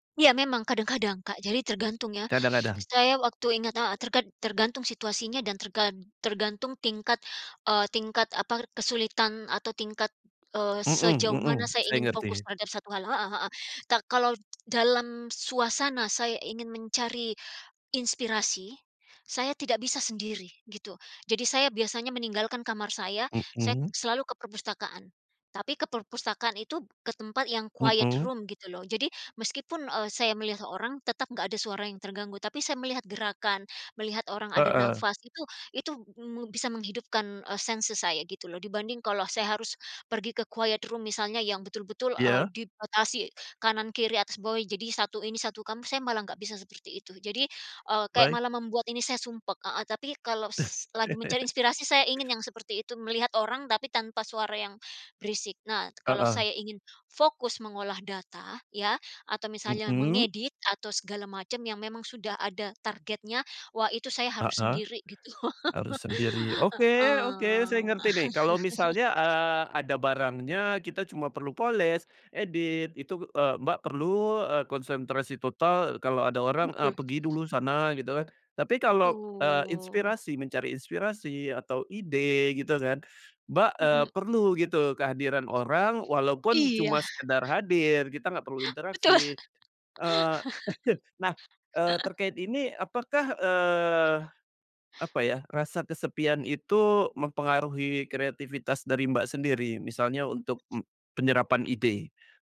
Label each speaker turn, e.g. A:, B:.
A: Iya, memang kadang-kadang, Kak. Jadi tergantung ya.
B: Kadang-kadang?
A: Saya waktu ingat heeh. Terked tergantung situasinya dan tergan tergantung tingkat, eee, tingkat, apa, kesulitan atau tingkat, eee,
B: Mhm
A: sejauh
B: mhm.
A: mana saya
B: Saya
A: ingin
B: ngerti.
A: fokus terhadap satu hal. Heeh heeh. Ta kalau dalam suasana saya ingin mencari inspirasi, saya tidak bisa sendiri. Gitu. Jadi saya biasanya meninggalkan kamar saya, saya
B: Mhm.
A: selalu ke perpustakaan. Tapi ke perpustakaan itu, ke tempat yang quiet
B: Mhm.
A: room, gitu loh. Jadi meskipun, eee, saya melihat seorang, tetap nggak ada suara yang terganggu. Tapi saya melihat gerakan, melihat orang ada
B: Heeh.
A: nafas. Itu itu, mmm, bisa menghidupkan, eee, senses saya, gitu loh. Dibanding kalau saya harus pergi ke quiet room, misalnya. Yang betul-betul, eee,
B: Iya.
A: dibatasi, kanan, kiri, atas, bawah, jadi satu ini, satu kamu, saya malah nggak bisa seperti itu. Jadi, eee, kayak
B: Baik.
A: malah membuat ini saya sumpek. Heeh. Tapi, kalau s lagi mencari inspirasi, saya ingin yang seperti itu. Melihat orang, tapi tanpa suara yang berisik. Nah, kalau
B: Heeh.
A: saya ingin fokus mengolah data, ya, atau misalnya
B: Mhm.
A: mengedit, atau segala macam yang memang sudah ada targetnya. Wah, itu saya harus
B: Heeh.
A: sendiri gitu.
B: Harus sendiri. Oke, oke. Saya
A: Heeh.
B: ngerti nih. Kalau misalnya, eee, ada barangnya, kita cuma perlu poles, edit, itu eee, Mbak perlu, eee, konsentrasi total. Kalau ada orang, eee,
A: Betul.
B: pergi dulu sana, gitu kan. Tapi kalau, eee,
A: Betul.
B: inspirasi, mencari inspirasi, atau ide, gitu kan, Mbak, eee,
A: Heeh.
B: perlu gitu kehadiran orang, walaupun
A: Iya.
B: cuma sekedar hadir, kita nggak perlu
A: Betul.
B: interaksi. Eee, nah, eee, terkait ini, apakah, eee, apa ya, rasa kesepian itu, mempengaruhi kreativitas dari Mbak sendiri? Misalnya untuk, mmm, penyerapan ide?